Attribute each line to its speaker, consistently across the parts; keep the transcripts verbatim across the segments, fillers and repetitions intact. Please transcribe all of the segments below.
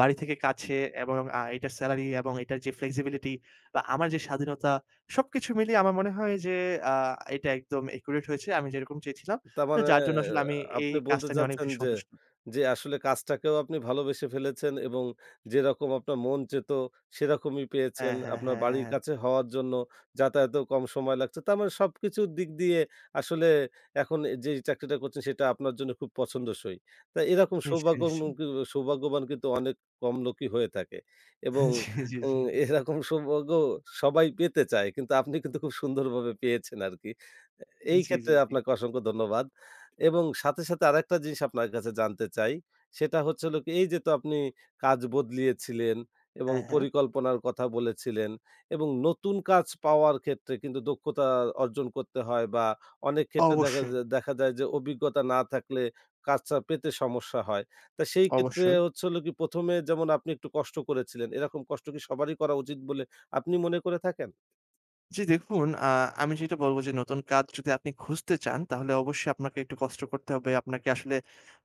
Speaker 1: বাড়ি থেকে কাছে এবং আ এটার সেলারি এবং এটার যে, ফ্লেক্সিবিলিটি বা আমার যে, স্বাধীনতা সবকিছু মিলিয়ে আমার মনে হয় যে, আ এটা একদম অ্যাকুরেট হয়েছে। আমি যেরকম চেয়েছিলাম। তো
Speaker 2: তারমানে
Speaker 1: যার জন্য আসলে আমি এই
Speaker 2: আপনি বলতে
Speaker 1: কাজটা নিয়ে অনেক
Speaker 2: চাচ্ছেন
Speaker 1: বেশি
Speaker 2: যে
Speaker 1: সন্তুষ্ট।
Speaker 2: যে আসলে কাজটাকেও আপনি ভালোবেসে ফেলেছেন এবং যেরকম আপনার মন চেয়েছিল, সেরকমই পেয়েছেন।
Speaker 1: হ্যাঁ, হ্যাঁ,
Speaker 2: আপনার
Speaker 1: হ্যাঁ,
Speaker 2: বাড়ির
Speaker 1: হ্যাঁ।
Speaker 2: কাছে হওয়ার জন্য যাতায়াতেও কম সময় লাগছে। তার মানে সবকিছুর দিক দিয়ে আসলে এখন এ যেই চাকরিটা করছেন, সেটা আপনার জন্য খুব পছন্দসই। তো এরকম
Speaker 1: নিশ্চয়ই,
Speaker 2: সৌভাগ্য
Speaker 1: নিশ্চয়ই।
Speaker 2: [unintelligible] সৌভাগ্যবান কিন্তু অনেক কম লোকই হয়ে থাকে। এবং
Speaker 1: জি, জি,
Speaker 2: আ
Speaker 1: জি
Speaker 2: এরকম সৌভাগ্যও সবাই পেতে চায় কিন্তু আপনি কিন্তু খুব সুন্দরভাবে পেয়েছেন আরকি আ এই
Speaker 1: জি,
Speaker 2: ক্ষেত্রে
Speaker 1: জি, জি।
Speaker 2: আপনাকে অসংখ্য ধন্যবাদ। এবং সাথে, সাথে আরেকটা জিনিস আপনার কাছে জানতে চাই, সেটা হচ্ছে হলো কি এই যে, তো আপনি কাজ বদলিয়েছিলেন এবং
Speaker 1: হ্যাঁ, হ্যাঁ।
Speaker 2: পরিকল্পনার কথা বলেছিলেন। এবং নতুন কাজ পাওয়ার ক্ষেত্রে কিন্তু দক্ষতা অর্জন করতে হয়, বা অনেক ক্ষেত্রে দেখাজ
Speaker 1: অবশ্যই।
Speaker 2: দেখা যায় যে, অভিজ্ঞতা না থাকলে কাজটা পেতে সমস্যা হয়। তো সেই ক্ষেত্রে
Speaker 1: অবশ্যই।
Speaker 2: হচ্ছে হলো কি, প্রথম এ যেমন আপনি একটু কষ্ট করেছিলেন, এরকম কষ্ট কি সবারই করা উচিত বলে আপনি মনে করে থাকেন?
Speaker 1: জি, দেখুন আ আমি যেটা বলব যে, নতুন কাজ যদি আপনি খুঁজতে চান, তাহলে অবশ্যই আপনাকে একটু কষ্ট করতে হবে। আপনাকে আসলে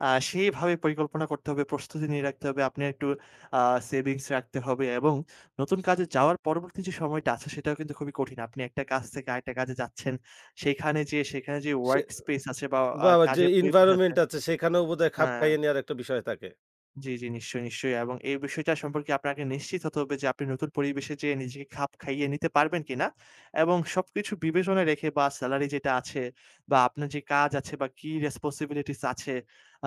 Speaker 1: আ সেইভাবে পরিকল্পনা করতে হবে, প্রস্তুতি নিয়ে রাখতে হবে। আপনি একটু আ সেভিংস রাখতে হবে। এবং নতুন কাজে যাওয়ার পরবর্তী যে সময়টা আছে, সেটাও কিন্তু খুবই কঠিন। আপনি একটা কাজ থেকে আরেকটা কাজে যাচ্ছেন। সেখানে যে,
Speaker 2: সে
Speaker 1: ওয়ার্ক স্পেস আছে বা আ
Speaker 2: বাওয়া যে,
Speaker 1: কাজের পরিবেশ আছে
Speaker 2: ইনভায়রনমেন্ট আছে সেখানেও বোধহয় খাপ
Speaker 1: হ্যাঁ।
Speaker 2: খাইয়ে নেয়ার একটা বিষয় থাকে।
Speaker 1: জি, জি, নিশ্চয়ই, নিশ্চয়ই। এবং এই বিষয়টা সম্পর্কে আপনাকে নিশ্চিত হতে হবে যে, আপনি নতুন পরিবেশে যে নিজেকে খাপ খাইয়ে নিতে পারবেন কিনা? এবং সবকিছু বিবেচনায় রেখে, বা সেলারি যেটা আছে বা আপনার যে কাজ আছে বা কি রেসপনসিবিলিটিস আছে।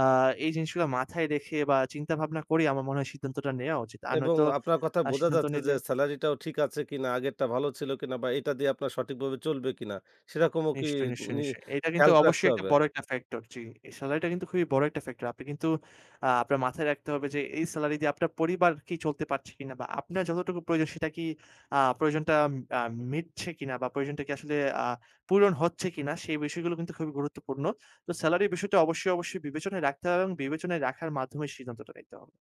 Speaker 1: আ এই জিনিসগুলো মাথায় রেখে বা চিন্তা ভাবনা করে, আমার মনে হয় সিদ্ধান্তটা নেওয়া উচিত। আর
Speaker 2: এবং
Speaker 1: নয়তো
Speaker 2: আপনার কথা
Speaker 1: আ
Speaker 2: বোঝা
Speaker 1: সিদ্ধান্ত
Speaker 2: যাচ্ছে যে,
Speaker 1: নিলে
Speaker 2: সেলারি টাও ঠিক আছে কিনা, আগেরটা ভালো ছিল কিনা? বা এটা দিয়ে আপনার সঠিকভাবে চলবে কিনা? সেরকমও কি
Speaker 1: নিশ্চয়ই, নিশ্চয়,
Speaker 2: নি
Speaker 1: নিশ্চয়ই। এটা কিন্তু
Speaker 2: খেয়ালক রাখতে
Speaker 1: অবশ্যই একটা
Speaker 2: হবে।
Speaker 1: বড় একটা ফ্যাক্টর। জি, সেলারিটা কিন্তু খুবই বড় একটা ফ্যাক্টর। আপনাকে কিন্তু আ আপনার মাথায় রাখতে হবে যে, এই সেলারি দিয়ে আপনার পরিবার কি চলতে পারছে কিনা? বা আপনার যতটুকু প্রয়োজন সেটা কি আ প্রয়োজনটা আম মিটছে কিনা, বা প্রয়োজনটা কি আসলে আ পূরণ হচ্ছে কিনা। সেই বিষয়গুলো কিন্তু খুবই গুরুত্বপূর্ণ। তো সেলারির বিষয়টা অবশ্যই, অবশ্যই বিবেচনায় রাখতে হবে। এবং বিবেচনায় রাখার মাধ্যমেই সিদ্ধান্তটা নিতে হবে।